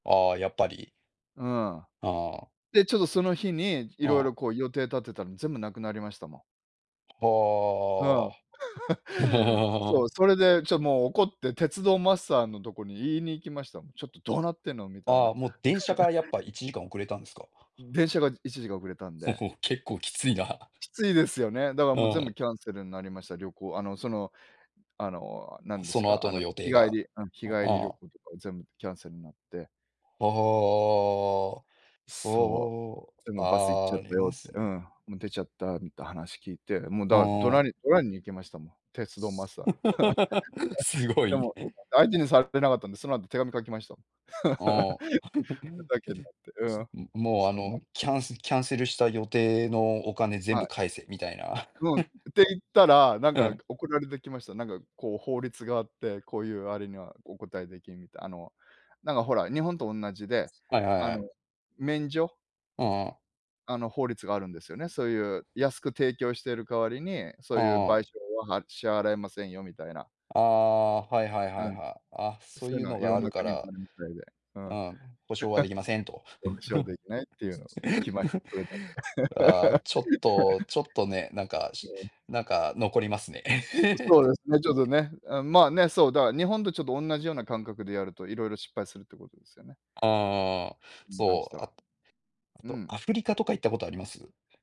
ああ、やっぱり。うん。ああ。で、ちょっとその日にいあろいあ。ろこう予定立てたの全部なくなりましたもん。うん。ああ。そう、それでちょ、もう怒って鉄道マスターのとこに言いに行きました。ちょっとどうなってんのみたいあな。あ、もう電車からやっぱ 1時間遅れたんですか？電車が1時間遅れたんで。結構きついな。きついですよね。だからうもう全ん。部キャンセルになりました、旅行、あの、その、あの、何でそすのか、あ後のの、予日定帰が、りうん、日う帰り旅ん。行とか全部キャンセルになって。ああ。そそう、う。でもバス行っちああ、ゃっあたりよまって。すうん、ね。もう出ちゃったみて話聞いて、もうだあから怒鳴あ。り怒鳴りに行きましたもん。鉄道マスター。す ごでい。も、相手にされてなかったんで、その後手紙書きました。ああ。ふ ざけんなって。うん。もう、あそんなの、キャンキャンセルした予定のお金全は部い。返せみたいな。うん、て言ったら、なんうかん。送られてきました。なんかこう法律があって、こういうあれにはお答えできんみたいな、あの、なんかほら、日本とおんなじで、はいはいあはい。の、免除うんうん。あの法律があるんですよね。そういう安く提供してる代わりに、そういうあ賠償あ。は、は、支払えませんよみたいな。ああ、はいはいはういん。はい。あ、そうそういいううのはのいがろあんるなか国にあら。るみたいで。ううん。ん、保証はできませんと。保証できないっていうの、きました。それだけ。ああ、ちょっとちょっとね、なん かうん。なんか残りますね。うん、そうですね、ちょっと ね、あ、まあね、そう、だから日本とちょっとおんなじような感覚でやると、いろいろ失敗するってことですよね。ああ、に関しそう、ては。あ、あうと、ん。アフリカとか行ったことあります？